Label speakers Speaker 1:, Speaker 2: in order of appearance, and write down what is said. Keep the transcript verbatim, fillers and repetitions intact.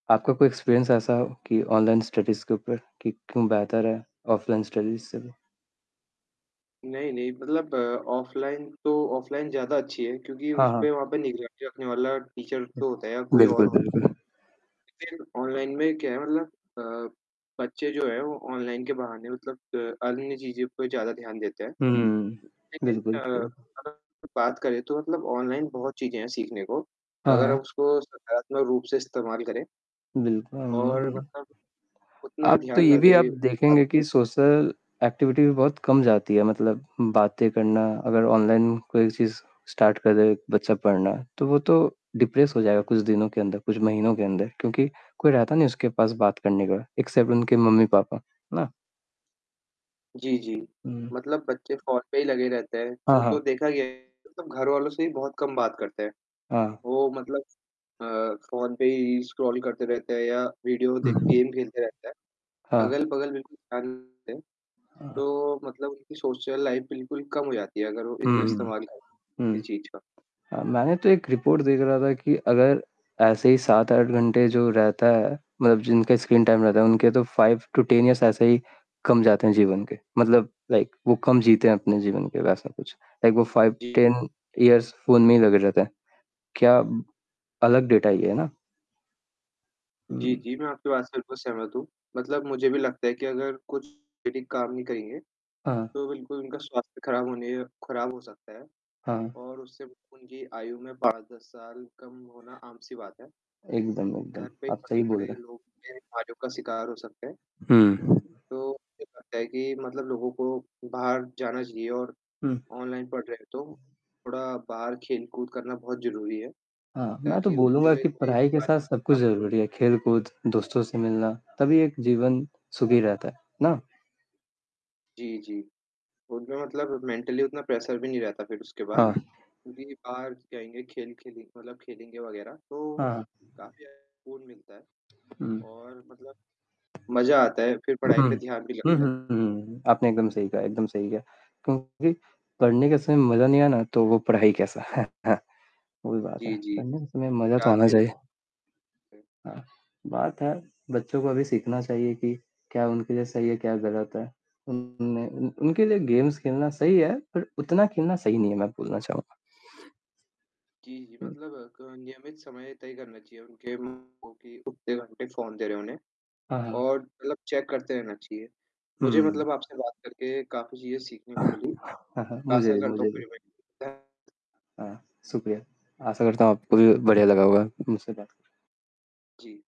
Speaker 1: आपका कोई एक्सपीरियंस ऐसा हो, कि ऑनलाइन स्टडीज़ के ऊपर, कि क्यों बेहतर है, ऑफलाइन स्टडीज़ से भी?
Speaker 2: नहीं, नहीं, मतलब ऑफलाइन तो ऑफलाइन ज़्यादा अच्छी है, क्योंकि
Speaker 1: हाँ,
Speaker 2: उसपे
Speaker 1: हाँ।
Speaker 2: वहाँ पे निगरानी रखने वाला टीचर तो होता है या कोई और
Speaker 1: बिल्कुल,
Speaker 2: होत
Speaker 1: बिल्कुल।
Speaker 2: लेकिन ऑनलाइन में क्या है मतलब अ, बच्चे जो है वो ऑनलाइन के बहाने मतलब अ, अन्य चीज़ों पे ज़्यादा ध्यान देते हैं।
Speaker 1: हुँ, बिल्कुल
Speaker 2: लेकिन
Speaker 1: सही
Speaker 2: अ,
Speaker 1: कहा।
Speaker 2: [unintelligible] बात करें तो मतलब ऑनलाइन बहुत चीज़ें हैं सीखने को,
Speaker 1: हाँ,
Speaker 2: अगर आप
Speaker 1: हाँ।
Speaker 2: उसको सकारात्मक रूप से इस्तेमाल करें
Speaker 1: बिल्कुल अम,
Speaker 2: और
Speaker 1: हुँ।
Speaker 2: मतलब उतना
Speaker 1: आप तो
Speaker 2: ध्यान
Speaker 1: ये
Speaker 2: ना
Speaker 1: भी आप
Speaker 2: दे, उसका
Speaker 1: देखेंगे कि सोशल एक्टिविटी भी बहुत कम जाती है, मतलब बातें करना, अगर ऑनलाइन कोई चीज़ स्टार्ट कर दे एक बच्चा पढ़ना, तो वो तो डिप्रेस हो जाएगा कुछ दिनों के अंदर, कुछ महीनों के अंदर। क्योंकि कोई रहता नहीं उसके पास बात करने का, एक्सेप्ट उनके मम्मी पापा, है ना?
Speaker 2: जी, जी,
Speaker 1: हुँ।
Speaker 2: मतलब बच्चे फ़ोन पे ही लगे रहते हैं,
Speaker 1: हाँ,
Speaker 2: वो तो
Speaker 1: हाँ।
Speaker 2: देखा गया है मतलब घरवालों से भी बहुत कम बात करते हैं,
Speaker 1: हाँ।
Speaker 2: वो मतलब अ, फ़ोन पे ही स्क्रॉल करते रहते हैं या विडियो
Speaker 1: उ,
Speaker 2: देख
Speaker 1: हुँ।
Speaker 2: गेम खेलते रहते हैं।
Speaker 1: हाँ।
Speaker 2: अगल-बगल बिल्कुल ध्यान नहीं देते,
Speaker 1: हाँ।
Speaker 2: तो मतलब उनकी सोशल लाइफ बिल्कुल कम हो जाती है अगर वो
Speaker 1: हुँ,
Speaker 2: इतना
Speaker 1: हुँ।
Speaker 2: इस्तेमाल करें, किसी
Speaker 1: हुँ।
Speaker 2: चीज़ का।
Speaker 1: अ, मैंने तो एक रिपोर्ट देख रहा था कि अगर ऐसे ही सात आठ घंटे जो रहता है मतलब जिनका स्क्रीन टाइम रहता है, उनके तो फाइव टू टेन एयर्स ऐसे ही कम जाते हैं जीवन के, मतलब लाइक वो कम जीते हैं अपने जीवन के वैसा कुछ। लाइक वो five
Speaker 2: G.
Speaker 1: Ten years phone में ही लगे रहते हैं, क्या अलग डाटा ये, है ना?
Speaker 2: जी,
Speaker 1: हुँ।
Speaker 2: जी, मैं आपकी बात से बिल्कुल सहमत हूँ, मतलब मुझे भी लगता है कि अगर कुछ ये ठीक काम नहीं करेंगे,
Speaker 1: हाँ, हाँ।
Speaker 2: तो बिल्कुल उनका स्वास्थ्य खराब होने खराब हो सकता है।
Speaker 1: हाँ, हाँ।
Speaker 2: और उससे ब उनकी आयु में पाँच दस साल कम होना आम-सी बात है।
Speaker 1: एकदम,
Speaker 2: घर
Speaker 1: एकदम,
Speaker 2: पे
Speaker 1: आप सही बोल
Speaker 2: पड़े-पड़े
Speaker 1: रहे हैं।
Speaker 2: लोग ये बीमारियों का शिकार हो सकते हैं।
Speaker 1: हुँ।
Speaker 2: तो, मुझे लगता है कि मतलब लोगों को बाहर जाना चाहिए और
Speaker 1: हुँ।
Speaker 2: ऑनलाइन पढ़ रहे हैं, तो थोड़ा बाहर खेल-कूद करना बहुत ज़रूरी है।
Speaker 1: हाँ, मैं तो
Speaker 2: ताकि उनको
Speaker 1: बोलूँगा
Speaker 2: भी
Speaker 1: कि
Speaker 2: कोई
Speaker 1: पढ़ाई के
Speaker 2: बीमारी
Speaker 1: साथ
Speaker 2: बस
Speaker 1: सब
Speaker 2: ना
Speaker 1: कुछ
Speaker 2: पड़े।
Speaker 1: ज़रूरी है, खेल-कूद, दोस्तों से मिलना, तभी एक जीवन सुखी रहता है। ना?
Speaker 2: जी, जी। उनमें मतलब मेंटली उतना प्रेशर भी नहीं रहता फिर उसके बाद।
Speaker 1: हाँ।
Speaker 2: क्योंकि बाहर जाएँगे, खेल खेलें मतलब खेलेंगे वगैरह तो
Speaker 1: हाँ, हाँ।
Speaker 2: काफ़ी ज़्यादा सुकून मिलता है
Speaker 1: हुँ।
Speaker 2: और मतलब मज़ा आता है, फिर
Speaker 1: हुँ।
Speaker 2: पढ़ाई पे ध्यान भी
Speaker 1: हुँ, हुँ,
Speaker 2: लगता है।
Speaker 1: हुँ। आपने एकदम सही कहा एकदम सही कहा। क्योंकि पढ़ने के समय मज़ा नहीं आना, तो वो पढ़ाई कैसा? है ना? वो ही भी बात है,
Speaker 2: जी, जी।
Speaker 1: पढ़ने के समय मज़ा तो
Speaker 2: याद
Speaker 1: आना
Speaker 2: भी नहीं।
Speaker 1: चाहिए।
Speaker 2: हुँ।
Speaker 1: हाँ, बात है, बच्चों को अभी सीखना चाहिए कि क्या उनके लिए सही है, क्या गलत है। उन्हें उन उनके लिए गेम्स खेलना सही है, पर उतना खेलना सही नहीं है मैं बोलना चाहूँगा।
Speaker 2: जी, जी,
Speaker 1: हुँ।
Speaker 2: मतलब क नियमित समय तय करना चाहिए उनके उम, उ कि उतने घंटे फ़ोन दे रहे उन्हें,
Speaker 1: हाँ, हाँ।
Speaker 2: और मतलब चेक करते रहना चाहिए। मुझे
Speaker 1: हुँ।
Speaker 2: मतलब आपसे बात करके काफ़ी चीज़ें सीखने को
Speaker 1: हाँ,
Speaker 2: मिली,
Speaker 1: हाँ, मुझे
Speaker 2: आशा
Speaker 1: भी
Speaker 2: करता
Speaker 1: मुझे
Speaker 2: हूँ
Speaker 1: भी।
Speaker 2: फिर [unintelligible]
Speaker 1: हाँ, शुक्रिया। आशा करता हूँ आपको भी बढ़िया लगा होगा मुझसे बात करके।
Speaker 2: जी।